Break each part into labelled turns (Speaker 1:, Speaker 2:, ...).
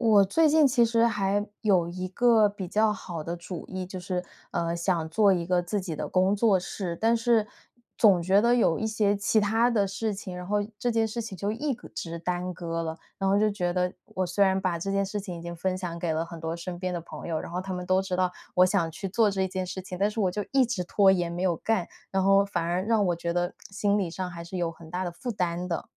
Speaker 1: 我最近其实还有一个比较好的主意，就是，呃，想做一个自己的工作室，但是总觉得有一些其它的事情，然后这件事情就一个直耽搁了，然后就觉得我虽然把这件事情已经分享给了很多身边的朋友，然后他们都知道我想去做这件事情，但是我就一直拖延没有干，然后反而让我觉得心理上还是有很大的负担的。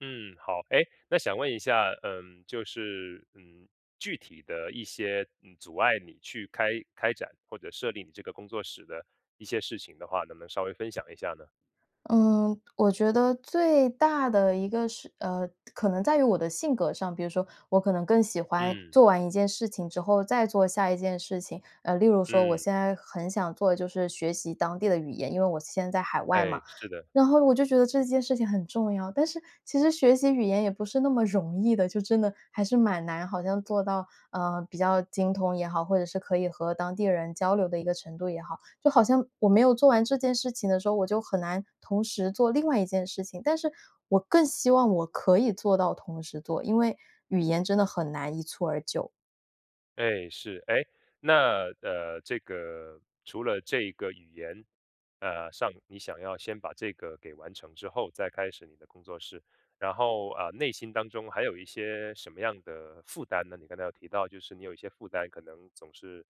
Speaker 2: 嗯，好。诶，那想问一下，嗯，就是，嗯，具体的一些，嗯，阻碍你去开开展或者设立你这个工作室的一些事情的话，能不能稍微分享一下呢？
Speaker 1: 嗯，我觉得最大的一个是呃，可能在于我的性格上，比如说我可能更喜欢
Speaker 2: 嗯。
Speaker 1: 做完一件事情之后再做下一件事情，呃，例如说我
Speaker 2: 嗯。
Speaker 1: 现在很想做的就是学习当地的语言，因为我现在在海外嘛，
Speaker 2: 哎，是的。
Speaker 1: 然后我就觉得这件事情很重要，但是其实学习语言也不是那么容易的，就真的还是蛮难好像做到，呃，比较精通也好，或者是可以和当地人交流的一个程度也好，就好像我没有做完这件事情的时候，我就很难同时做另外一件事情，但是我更希望我可以做到同时做，因为语言真的很难一蹴而就。
Speaker 2: 哎，是。诶，那呃，这个，除了这个语言，呃，上，你想要先把这个给完成之后再开始你的工作室，然后，呃，内心当中还有一些什么样的负担呢？你刚才有提到就是你有一些负担可能总是，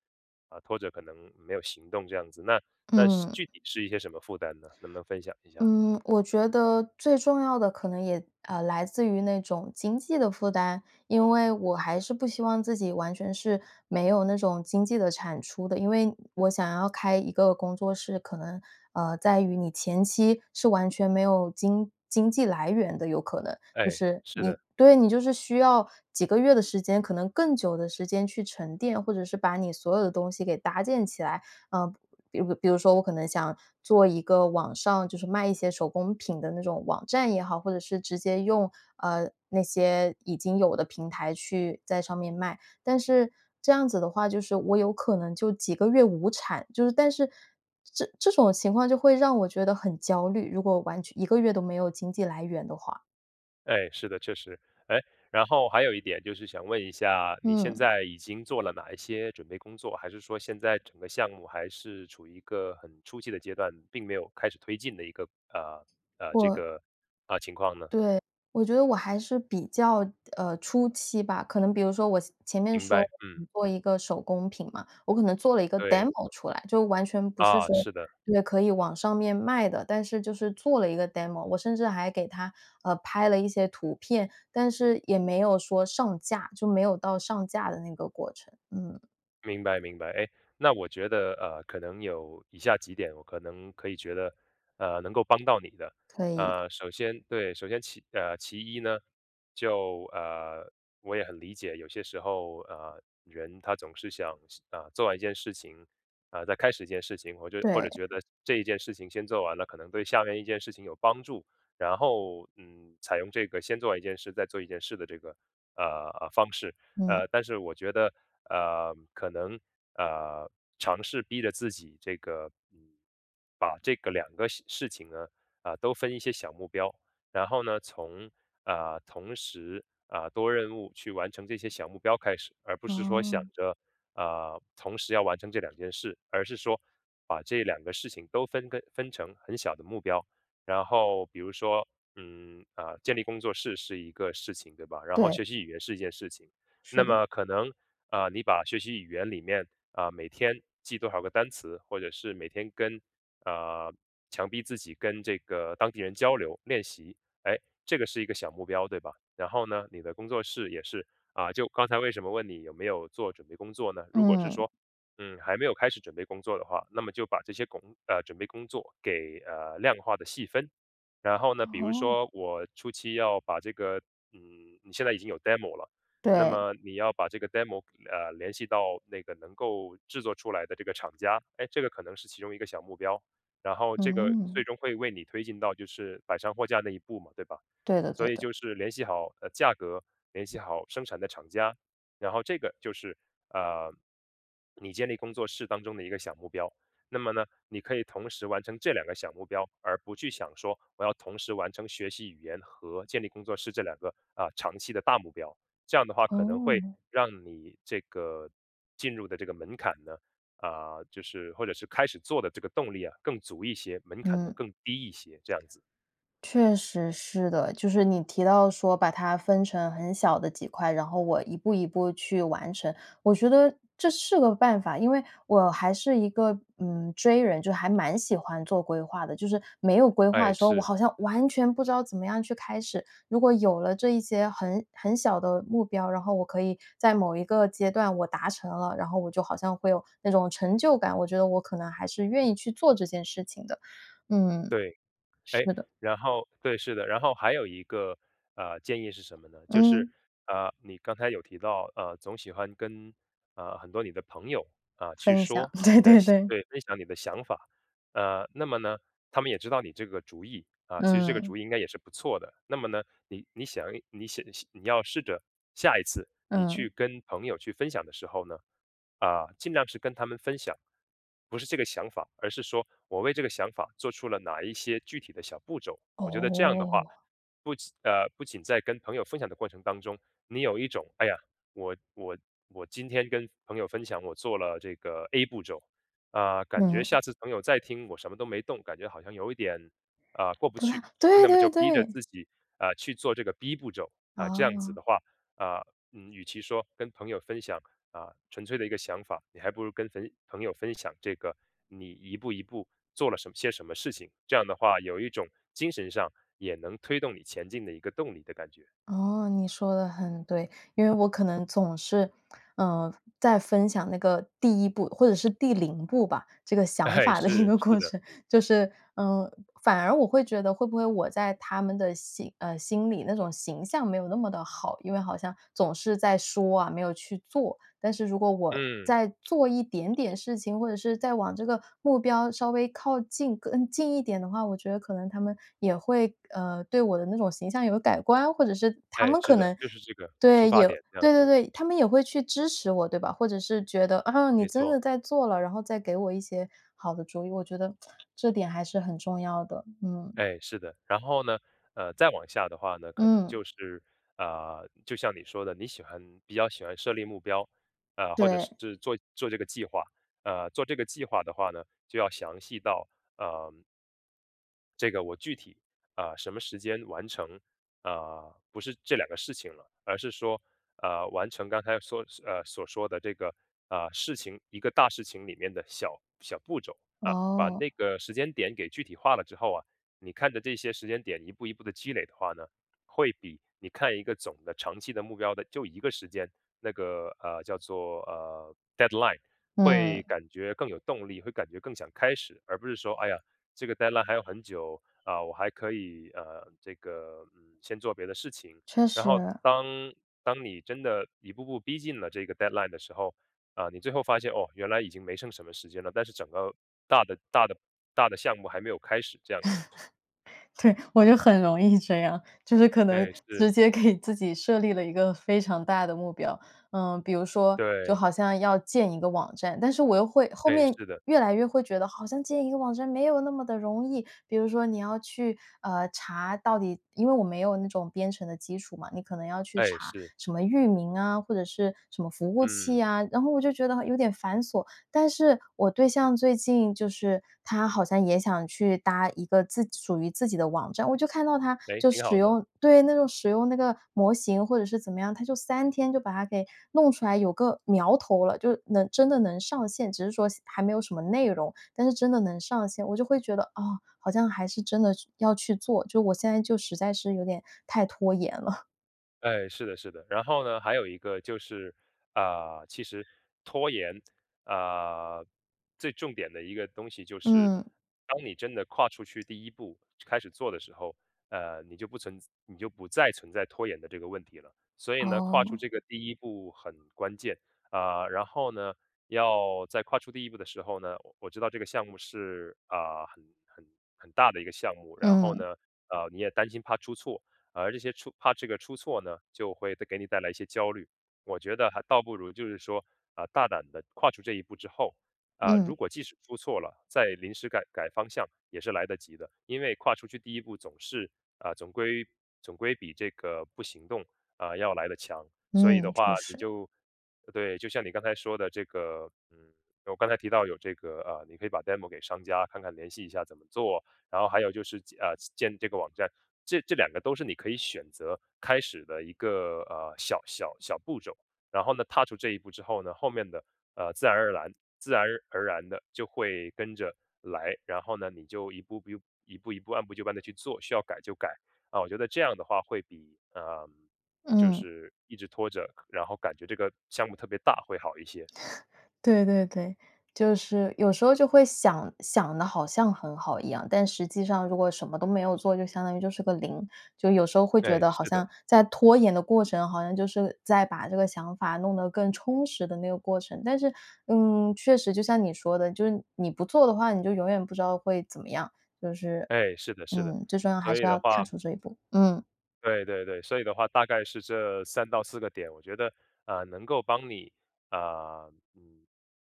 Speaker 2: 呃，拖着可能没有行动这样子，那那是
Speaker 1: 嗯。
Speaker 2: 具体是一些什么负担呢？能不能分享一下？
Speaker 1: 嗯，我觉得最重要的可能也，呃，来自于那种经济的负担，因为我还是不希望自己完全是没有那种经济的产出的，因为我想要开一个工作室，可能，呃，在于你前期是完全没有经经济来源的，有可能
Speaker 2: 哎，
Speaker 1: 就是
Speaker 2: 是
Speaker 1: 你
Speaker 2: 的。
Speaker 1: 对，你就是需要几个月的时间可能更久的时间去沉淀，或者是把你所有的东西给搭建起来，呃，比如比如说我可能想做一个网上，就是卖一些手工品的那种网站也好，或者是直接用，呃，那些已经有的平台去，在上面卖，但是这样子的话就是我有可能就几个月无产，就是但是这这种情况就会让我觉得很焦虑，如果我完全1个月都没有经济来源的话。
Speaker 2: 哎，是的，确实。诶？然后还有一点就是想问一下，你现
Speaker 1: 嗯。
Speaker 2: 在已经做了哪一些准备工作？还是说现在整个项目还是处于一个很初期的阶段，并没有开始推进的一个，呃，呃，这
Speaker 1: 我
Speaker 2: 个呃，情况呢？
Speaker 1: 对，我觉得我还是比较，呃，初期吧，可能比如说先前面
Speaker 2: 明白，
Speaker 1: 说
Speaker 2: 嗯。
Speaker 1: 做一个手工品嘛，我可能做了一个
Speaker 2: 对。
Speaker 1: demo 出来，就完全不是
Speaker 2: 啊，
Speaker 1: 说
Speaker 2: 是的。
Speaker 1: 对，可以网上面卖的，但是就是做了一个 demo。我甚至还给它，呃，拍了一些图片，但是也没有说上架，就没有到上架的那个过程，嗯。
Speaker 2: 明白，明白。诶？那我觉得，呃，可能有以下几点可能可以觉得，呃，能够帮到你的。
Speaker 1: 可以。
Speaker 2: 呃，首先对，首先其呃，其一呢，就，呃，我也很理解有些时候，呃，人他总是想事啊，做完一件事情，啊，再开始一件事情，我觉或者
Speaker 1: 对。
Speaker 2: 觉得这一件事情先做完了可能对下面一件事情有帮助。然后，嗯，采用这个先做完一件事再做一件事的这个，呃，呃方式。
Speaker 1: 嗯。
Speaker 2: 呃，但是我觉得，呃，可能，呃，尝试逼着自己这个，嗯，把这个两个事事情呢，呃，都分一些小目标，然后呢，从，呃，同时，啊，多任务去完成这些小目标开始，而不是说想
Speaker 1: 哦。
Speaker 2: 着，呃，同时要完成这两件事，而是说把这两个事情都分跟分成很小的目标。然后比如说，嗯，啊，建立工作室是一个事情，对吧？然后
Speaker 1: 对。
Speaker 2: 学习语言是一件事情。那
Speaker 1: 是的。
Speaker 2: 么可能，呃，你把学习语言里面，啊，每天记多少个单词，或者是每天跟啊，强逼自己跟这个当地人交流、练习。诶，这个是一个小目标对吧？然后呢，你的工作室也是，啊，就刚才为什么问你有没有做准备工作呢？如果是
Speaker 1: 嗯。
Speaker 2: 说，嗯，还没有开始准备工作的话，那么就把这些工呃准备工作给，呃，量化的细分。然后呢，比如
Speaker 1: 哦。
Speaker 2: 说我初期要把这个，嗯，你现在已经有 demo 了，那
Speaker 1: 对。
Speaker 2: 么你要把这个 demo 啊，联系到那个能够制作出来的这个厂家，哎，这个可能是其中1个小目标。然后这个
Speaker 1: 嗯。
Speaker 2: 最终会为你推进到就是摆上货架那一步嘛，对吧？
Speaker 1: 对的，
Speaker 2: 所
Speaker 1: 对
Speaker 2: 以
Speaker 1: 的。
Speaker 2: 就是联系好，呃，价格，联系好生产的厂家，然后这个就是，呃，你建立工作室当中的一个小目标。那么呢，你可以同时完成这两个小目标，而不去想说我要同时完成学习语言和建立工作室这两个，呃，长期的大目标。这样的话可能会
Speaker 1: 哦。
Speaker 2: 让你这个进入的这个门槛呢，啊，就是或者是开始做的这个动力呀，更足一些，门槛呢，
Speaker 1: 嗯。
Speaker 2: 更低一些，这样子。
Speaker 1: 确实是的，就是你提到说把它分成很小的几块，然后我一步一步去完成。我觉得这是个办法，因为我还是一个，嗯，J 人，就还蛮喜欢做规划的，就是没有规划的
Speaker 2: 哎，
Speaker 1: 时候，我
Speaker 2: 是。
Speaker 1: 好像完全不知道怎么样去开始。如果有了这一些很很小的目标，然后我可以在某一个阶段我达成了，然后我就好像会有那种成就感，我觉得我可能还是愿意去做这件事情的，嗯，
Speaker 2: 对，
Speaker 1: 是
Speaker 2: 诶，
Speaker 1: 的。
Speaker 2: 然后对，是的，然后还有一个，呃，建议是什么呢？就是，
Speaker 1: 嗯。
Speaker 2: 呃你刚才有提到，呃，总喜欢跟，呃，很多你的朋友，啊，去
Speaker 1: 分享，
Speaker 2: 说
Speaker 1: 对
Speaker 2: 你的
Speaker 1: 对
Speaker 2: 想
Speaker 1: 对。
Speaker 2: 对分享你的想法。呃，那么呢，他们也知道你这个主意，啊，其实这个
Speaker 1: 嗯。
Speaker 2: 主意应该也是不错的。那么呢，你你想一你想想你要试着下一次你去
Speaker 1: 嗯。
Speaker 2: 跟朋友去分享的时候呢，啊，尽量是跟他们分享。不是这个想法，而是说，我为这个想法做出了哪一些具体的小步骤。我觉得这样的话，
Speaker 1: 哦。
Speaker 2: 不仅呃，不仅在跟朋友分享的过程当中，你有一种，哎呀，我我我今天跟朋友分享，我做了这个 A 步骤，啊，感觉
Speaker 1: 嗯。
Speaker 2: 下次朋友再听我什么都没动，感觉好像有一点，呃，过不
Speaker 1: 不啦，
Speaker 2: 去。
Speaker 1: 对
Speaker 2: 那么就
Speaker 1: 对
Speaker 2: 逼着
Speaker 1: 对。
Speaker 2: 自己，呃，去做这个 B 步骤，啊，这样子
Speaker 1: 哦。
Speaker 2: 的话，啊，嗯，与其说跟朋友分享，啊，纯粹的一个想法，你还不如跟朋朋友分享这个你一步一步做了什些什么事情，这样的话有一种精神上也能推动你前进的一个动力的感觉。
Speaker 1: 哦，你说得很对，因为我可能总是，呃，在分享那个第1步，或者是第0步吧，这个想
Speaker 2: 哎，
Speaker 1: 法的一
Speaker 2: 是，
Speaker 1: 个
Speaker 2: 是
Speaker 1: 过
Speaker 2: 的。
Speaker 1: 程，就是，嗯反而我会觉得会不会我在他们的心呃，心里那种形象没有那么的好，因为好像总是在说啊，没有去做。但是如果我
Speaker 2: 嗯。
Speaker 1: 在做一点点事情，或者是再往这个目标稍微靠近更近一点的话，我觉得可能他们也会，呃，对我的那种形象有改观，或者是他
Speaker 2: 哎，
Speaker 1: 们
Speaker 2: 是
Speaker 1: 可
Speaker 2: 的，
Speaker 1: 能
Speaker 2: 就是这个，出
Speaker 1: 对，
Speaker 2: 发
Speaker 1: 有
Speaker 2: 点这样
Speaker 1: 对对
Speaker 2: 子。
Speaker 1: 对，他们也会去支持我，对吧？或者是觉得，啊，你
Speaker 2: 没
Speaker 1: 真
Speaker 2: 错。
Speaker 1: 的在做了，然后再给我一些好的主意，我觉得 这点还是很重要的，嗯。
Speaker 2: 哎，是的。然后呢，呃，再往下的话呢，可能
Speaker 1: 嗯。
Speaker 2: 就是，呃，就像你说的，你喜欢比较喜欢设立目标，呃，或者
Speaker 1: 对。
Speaker 2: 是做做这个计划，呃，做这个计划的话呢，就要详细到，呃这个我具体，呃，什么时间完成，呃，不是这两个事情了，而是说，呃，完成刚才说呃，所说的这个，呃，事情，一个大事情里面的小小步骤啊。把
Speaker 1: 哦。
Speaker 2: 那个时间点给具体化了之后啊，你看着这些时间点一步一步地积累的话呢，会比你看一个总的长期的目标的就一个时间，那个，呃，叫做，呃，deadline 会
Speaker 1: 嗯。
Speaker 2: 感觉更有动力，会感觉更想开始，而不是说，哎呀，这个 deadline 还有很久啊，我还可以，呃，这个，先做别的事情。
Speaker 1: 确
Speaker 2: 然
Speaker 1: 实。
Speaker 2: 后当当你真的一步步逼近了这个 deadline 的时候，啊，你最后发现，哦，原来已经没剩什么时间了，但是整个大的大的大的项目还没有开始这样子。
Speaker 1: 对，我就很容易这样，就是可能
Speaker 2: 哎，
Speaker 1: 直
Speaker 2: 是。
Speaker 1: 接给自己设立了一个非常大的目标。呃，比如说就
Speaker 2: 对。
Speaker 1: 好像要建一个网站，但是我又会后
Speaker 2: 哎，
Speaker 1: 面
Speaker 2: 是的。
Speaker 1: 越来越会觉得，好像建一个网站没有那么的容易，比如说你要去，呃，查到底因为我没有那种编程的基础嘛，你可能要去
Speaker 2: 哎，
Speaker 1: 查
Speaker 2: 是。
Speaker 1: 什么域名啊，或者是什么服务器
Speaker 2: 嗯。
Speaker 1: 啊，然后我就觉得有点繁琐。但是，我对象最近就是他好像也想去搭一个自属于自己的网站，我就看到他
Speaker 2: 哎，
Speaker 1: 就
Speaker 2: 挺
Speaker 1: 使
Speaker 2: 好的。
Speaker 1: 用对，那种使用那个模型或者是怎么样，他就3天就把它给弄出来，有个苗头了，就能真的能上线，只是说还没有什么内容，但是真的能上线。我就会觉得，啊，好像还是真的要去做，就我现在就实在是有点太拖延了。
Speaker 2: 哎，是的，是的。然后呢，还有一个就是，呃，其实拖延，呃，最重点的一个东西就是，
Speaker 1: 嗯。
Speaker 2: 当你真的跨出去第一步，开始做的时候，呃，你就不存在你就不再存在拖延的这个问题了。所以呢，跨出
Speaker 1: 哦。
Speaker 2: 这个第一步很关键。呃，然后呢，要再跨出第一步的时候呢，我知道这个项目是，呃，很很很大的一个项目，然后
Speaker 1: 嗯。
Speaker 2: 呢，呃，你也担心怕出错，而这些出怕这个出错呢，就会给你带来一些焦虑。我觉得还倒不如就是说，啊，大胆地跨出这一步之后，啊，如
Speaker 1: 嗯。
Speaker 2: 果即使出错了，再临时改改方向也是来得及的。因为跨出去第一步总是啊，总归-总归比这个不行动，啊，要来得强。所以的
Speaker 1: 嗯，
Speaker 2: 话
Speaker 1: 确
Speaker 2: 你
Speaker 1: 实。
Speaker 2: 就呃，对，就像你刚才说的这个，嗯，我刚才提到有这个，呃，你可以把 demo 给商家看看联系一下怎么做，然后还有就是建呃，建这个网站，这这两个都是你可以选择开始的一个，呃，小小小步骤。然后呢，踏出这一步之后呢，后面的，呃，自然而蓝自然而然地就会跟着来。然后呢，你就一步步一步一步按部就班地去做，需要改就改。呃，我觉得这样的话会比，呃，就
Speaker 1: 嗯。
Speaker 2: 是一直拖着，然后感觉这个项目特别大会好一些。
Speaker 1: 对，对，对，就是有时候就会想想得好像很好一样，但实际上如果什么都没有做，就相当于就是个0。就有时候会觉
Speaker 2: 哎，
Speaker 1: 得好
Speaker 2: 是的。
Speaker 1: 像在拖延的过程，好像就是在把这个想法，弄得更充实的那个过程，但是，嗯，确实就像你说的，就是你不做的话，你就永远不知道会怎么样。就是
Speaker 2: 哎，是的，是的。
Speaker 1: 嗯，最重要还
Speaker 2: 所
Speaker 1: 是
Speaker 2: 以
Speaker 1: 要
Speaker 2: 的话
Speaker 1: 踏出这一步，嗯。
Speaker 2: 对对对，所以的话大概是这3到4个点，我觉得，呃，能够帮你，呃，嗯，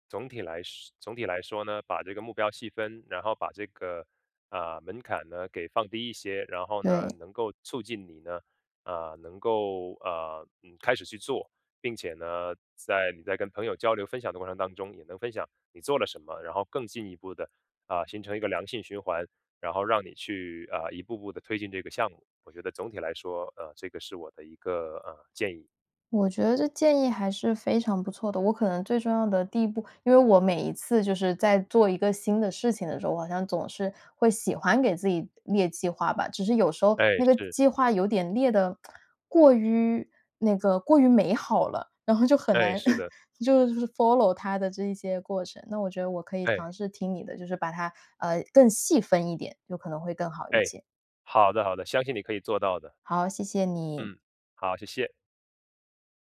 Speaker 2: 总体来说总体来说呢，把这个目标细分，然后把这个，呃，门槛呢，给放低一些，然后呢，
Speaker 1: 对。
Speaker 2: 能够促进你呢，呃，能够，呃，嗯，开始去做。并且呢，在你在跟朋友交流分享的过程当中，也能分享你做了什么，然后更进一步的，呃，形成一个良性循环，然后让你去，呃，一步步地推进这个项目，我觉得总体来说，呃，这个是我的一个，呃，建议。
Speaker 1: 我觉得这建议还是非常不错的，我可能最重要的第一步因为我每一次就是在做一个新的事情的时候，我好像总是会喜欢给自己列计划吧。只是有时候
Speaker 2: 哎，
Speaker 1: 那个计
Speaker 2: 是。
Speaker 1: 计划有点列的，过于，那个过于美好了，然后就很
Speaker 2: 哎，
Speaker 1: 难
Speaker 2: 是 的。
Speaker 1: 就是 follow 它的这一些过程。那我觉得我可以尝
Speaker 2: 哎。
Speaker 1: 试听你的，就是把它，呃，更细分一点，就可能会更好一
Speaker 2: 哎，
Speaker 1: 些。
Speaker 2: 好的，好的，相信你可以做到的。
Speaker 1: 好，谢谢你。
Speaker 2: 嗯，好，谢谢。